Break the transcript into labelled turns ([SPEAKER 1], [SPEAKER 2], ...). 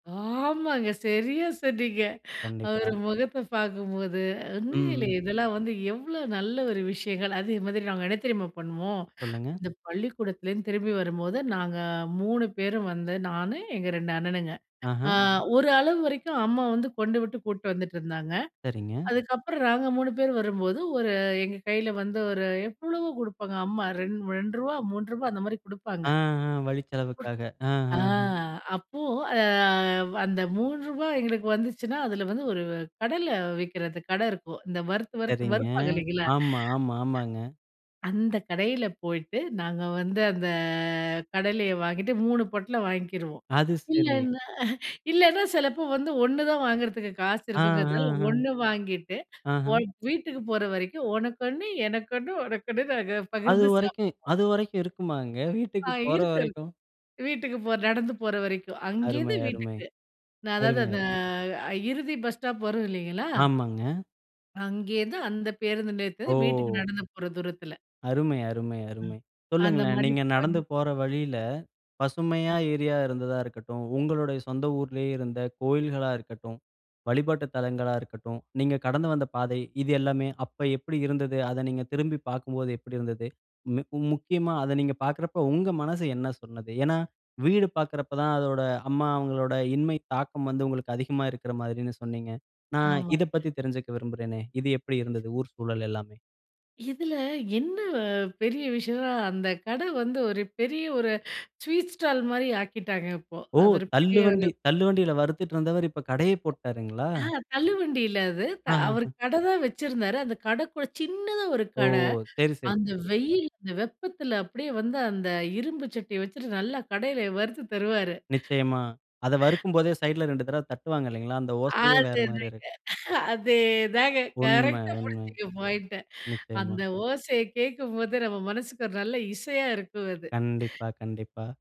[SPEAKER 1] ஆமாங்க. சரியா சொன்னீங்க.
[SPEAKER 2] கண்டிப்பா.
[SPEAKER 1] ஒரு முகத்த பார்க்கும்போது, ஒண்ணு இல்ல
[SPEAKER 2] ம், ம்.
[SPEAKER 1] இதெல்லாம் வந்து எவ்ளோ நல்ல ஒரு விஷயங்கள். அதே மாதிரி நாங்க என்ன தெரியுமா பண்ணுவோம்?
[SPEAKER 2] சொல்லுங்க.
[SPEAKER 1] இந்த பள்ளிக்கூடத்துலேருந்து திரும்பி வரும்போது நாங்க 3 பேரும் வந்து, நானு எங்க 2 அண்ணனுங்க.
[SPEAKER 2] ஆஹா!
[SPEAKER 1] அ ஒரு அளவு வரைக்கும் அம்மா வந்து கொண்டுவிட்டு, கூட்டிட்டு வந்துட்டுருந்தாங்க.
[SPEAKER 2] சரிங்க.
[SPEAKER 1] அதுக்கப்புறம் நாங்க 3 பேர் வரும்போது, ஒரு எங்க கையில வந்து ஒரு எவ்ளவோ கொடுப்பாங்க அம்மா. ரூ. 2, ரூ. 3 அந்த மாதிரி
[SPEAKER 2] ஆ,
[SPEAKER 1] குடுப்பாங்க.
[SPEAKER 2] ஆ, வழி செலவுக்காக.
[SPEAKER 1] ஆ,
[SPEAKER 2] ஆஹஹ.
[SPEAKER 1] அப்போ அந்த ரூ. 3 எங்களுக்கு வந்துச்சுன்னா, அதுல வந்து ஒரு கடையில விக்கிறது கட இருக்கும். இந்த வறுத்து வறுத்து
[SPEAKER 2] சரிங்க.
[SPEAKER 1] வறுப்பாங்க இல்லைங்களா?
[SPEAKER 2] ஆமா, ஆமா, ஆமாங்க.
[SPEAKER 1] அந்த கடையில போயிட்டு நாங்க வந்து அந்த கடலையை வாங்கிட்டு 3 பொட்டலம் வாங்கிக்கிருவோம்.
[SPEAKER 2] அது சரி.
[SPEAKER 1] இல்லன்னா, இல்லன்னா சிலப்போ வந்து 1 தான் வாங்குறதுக்கு காசு
[SPEAKER 2] ஆ, ஆ,
[SPEAKER 1] இருக்குங்கிறதுநால
[SPEAKER 2] அ.
[SPEAKER 1] 1 வாங்கிட்டு
[SPEAKER 2] ஆஹ.
[SPEAKER 1] வீட்டுக்கு போற வரைக்கும் உனக்கு 1 எனக்கொன்னு உனக்கொன்னு நாங்க
[SPEAKER 2] அது
[SPEAKER 1] பகிர்ந்து
[SPEAKER 2] வரைக்கும்
[SPEAKER 1] சாப்பிடுவோம்.
[SPEAKER 2] அது வரைக்கும் இருக்குமாங்க. வீட்டுக்கு
[SPEAKER 1] ஆ
[SPEAKER 2] போற
[SPEAKER 1] இருக்கு.
[SPEAKER 2] வரைக்கும்.
[SPEAKER 1] வீட்டுக்கு போ நடந்து போற வரைக்கும். அங்கிருந்து
[SPEAKER 2] அருமை, அருமை.
[SPEAKER 1] வீட்டுக்கு நான் அதாவது
[SPEAKER 2] அருமை,
[SPEAKER 1] அந்த
[SPEAKER 2] அருமை.
[SPEAKER 1] இறுதி பஸ் ஸ்டாப் வரும் இல்லீங்களா?
[SPEAKER 2] ஆமாங்க.
[SPEAKER 1] அங்கேயிருந்து அந்த பேருந்தில வீட்டுக்கு
[SPEAKER 2] ஓ!
[SPEAKER 1] நடந்து போற தூரத்தில.
[SPEAKER 2] அருமை, அருமை,
[SPEAKER 1] அ,
[SPEAKER 2] அருமை.
[SPEAKER 1] அந்த
[SPEAKER 2] சொல்லுங்களேன்
[SPEAKER 1] மாரி
[SPEAKER 2] நீங்க நடந்து
[SPEAKER 1] [unintelligible]
[SPEAKER 2] போற வழியில பசுமையா
[SPEAKER 1] அ.
[SPEAKER 2] ஏரியா இருந்ததா இருக்கட்டும். உங்களுடைய சொந்த ஊர்லயே இருந்த கோவில்களா இருக்கட்டும், வழிபாட்டு தலங்களா இருக்கட்டும். நீங்க கடந்து வந்த பாதை, இது எல்லாமே அப்போ எப்படி இருந்தது? அதை நீங்க திரும்பி பார்க்கும்போது எப்படி இருந்தது? மிக் முக்கியமா அத நீங்க பார்க்கிறப்போ உங்க மனசு என்ன சொன்னது? ஏன்னா வீடு பாக்கிறப்போ தான் அதோட அம்மா அவங்களோட இன்மை தாக்கம் வந்து உங்களுக்கு அதிகமா இருக்கற மாரின்னு சொன்னீங்க. நான்
[SPEAKER 1] ஆமா.
[SPEAKER 2] இதை பத்தி தெரிஞ்சுக்க விரும்புறேனே. இது எப்படி இருந்தது? ஊர் சூழல் எல்லாமே.
[SPEAKER 1] இதுல என்ன பெரிய விஷயம்னா? அந்த கடை வந்து ஒரு பெரிய ஒரு ஸ்வீட் ஸ்டால் மாரி ஆக்கிட்டாங்க இப்போ.
[SPEAKER 2] ஓ!
[SPEAKER 1] அது ஒரு
[SPEAKER 2] தள்ளு
[SPEAKER 1] பெரிய ஒரு
[SPEAKER 2] வண்டி தள்ளு வண்டியில வறுத்துட்டு இருந்தவர். இப்போ கடையே போட்டுட்டாருங்களா?
[SPEAKER 1] அ தள்ளுவண்டில அது அவரு
[SPEAKER 2] ஆஹஹ.
[SPEAKER 1] கடை தான் வச்சிருந்தாரு. அந்த கடை கூட சின்னதா ஒரு
[SPEAKER 2] ஓ!
[SPEAKER 1] கடை.
[SPEAKER 2] சரி, சரி,
[SPEAKER 1] அந்த
[SPEAKER 2] சரி.
[SPEAKER 1] வெயில் அந்த வெப்பத்துல அப்படியே வந்து அந்த இரும்பு சட்டி வச்சுட்டு நல்லா கடையில வறுத்து தருவாரு.
[SPEAKER 2] நிச்சயமா. அத வறுக்கும் போதே சைட்ல 2 தடவ தட்டுவாங்க இல்லீங்களா? அந்த ஓசையே வேற
[SPEAKER 1] அது
[SPEAKER 2] மாரி இருக்
[SPEAKER 1] அதேதாங்க அதேதாங்க.
[SPEAKER 2] உண்ம,
[SPEAKER 1] கரெக்ட்டா
[SPEAKER 2] உண்ம.
[SPEAKER 1] புடிச்சீனு பாயிண்ட்ட.
[SPEAKER 2] நிச்சயமா.
[SPEAKER 1] அந்த ஓசைய கேக்கும்போது நம்ம மனசுக்கு ஒரு நல்ல இசையா இருக்கும் அது.
[SPEAKER 2] கண்டிப்பா, கண்டிப்பா.